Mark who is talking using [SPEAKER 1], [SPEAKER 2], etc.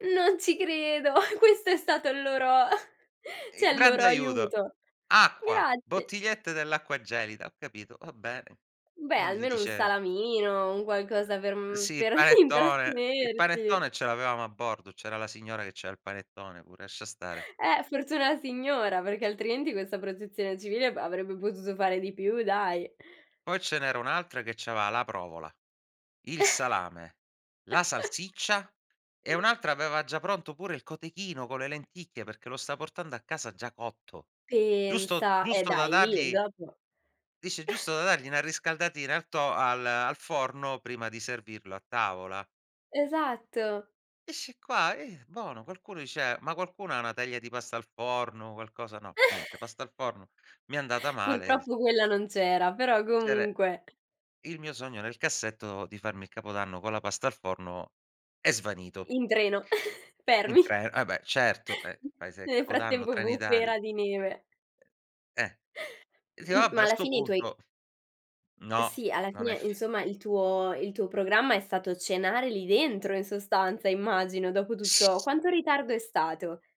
[SPEAKER 1] Non ci credo, questo è stato il loro
[SPEAKER 2] Il
[SPEAKER 1] cioè il
[SPEAKER 2] grande
[SPEAKER 1] loro
[SPEAKER 2] aiuto.
[SPEAKER 1] aiuto.
[SPEAKER 2] Acqua,
[SPEAKER 1] Grazi
[SPEAKER 2] bottigliette dell'acqua gelida, ho capito. Va bene.
[SPEAKER 1] Beh,
[SPEAKER 2] Non gli
[SPEAKER 1] almeno 1
[SPEAKER 2] dice
[SPEAKER 1] salamino, un qualcosa per, mhmm,
[SPEAKER 2] Sì, il
[SPEAKER 1] per
[SPEAKER 2] panettone. Il
[SPEAKER 1] intrattenerti.
[SPEAKER 2] panettone ce l'avevamo a bordo. C'era la signora, che c'ha il panettone pure, ascia stare.
[SPEAKER 1] Eh! Fortuna la signora, perché altrimenti questa protezione civile avrebbe potuto fare di più, dai.
[SPEAKER 2] Poi ce n'era un'altra che c'aveva la provola, il salame, la salsiccia e un'altra aveva già pronto pure il cotechino con le lenticchie, perché lo sta portando a casa già cotto. Giusto
[SPEAKER 1] Pensa, e
[SPEAKER 2] giusto da
[SPEAKER 1] dai, lì e
[SPEAKER 2] dargli
[SPEAKER 1] dopo
[SPEAKER 2] dice: "Giusto da dargli 'na riscaldatina al to al al forno prima di servirlo a tavola".
[SPEAKER 1] Esatto.
[SPEAKER 2] Eh, sci qua eh, bono, qualcuno dice: "Ma qualcuno ha 1 teglia di pasta al forno, qualcosa" no, niente, pasta al forno, mi è andata male, z
[SPEAKER 1] Purtroppo quella non c'era, però
[SPEAKER 2] Cere
[SPEAKER 1] comunque.
[SPEAKER 2] il mio sogno nel cassetto, di farmi il capodanno con la pasta al forno, è svanito.
[SPEAKER 1] In treno,
[SPEAKER 2] In
[SPEAKER 1] fermi.
[SPEAKER 2] cre eh, beh, certo, eh paese
[SPEAKER 1] Nel
[SPEAKER 2] Capodanno,
[SPEAKER 1] frattempo
[SPEAKER 2] Trenitalia.
[SPEAKER 1] bufera di neve.
[SPEAKER 2] Uhm, eh! Di
[SPEAKER 1] M
[SPEAKER 2] vabbè,
[SPEAKER 1] ma
[SPEAKER 2] a
[SPEAKER 1] alla
[SPEAKER 2] 'sto
[SPEAKER 1] fine i tuoi
[SPEAKER 2] punto. No,
[SPEAKER 1] Sì, alla
[SPEAKER 2] non
[SPEAKER 1] fine,
[SPEAKER 2] è f
[SPEAKER 1] insomma, il tuo il tuo programma è stato cenare lì dentro, in sostanza, immagino, dopo tutto
[SPEAKER 2] S
[SPEAKER 1] quanto ritardo è stato?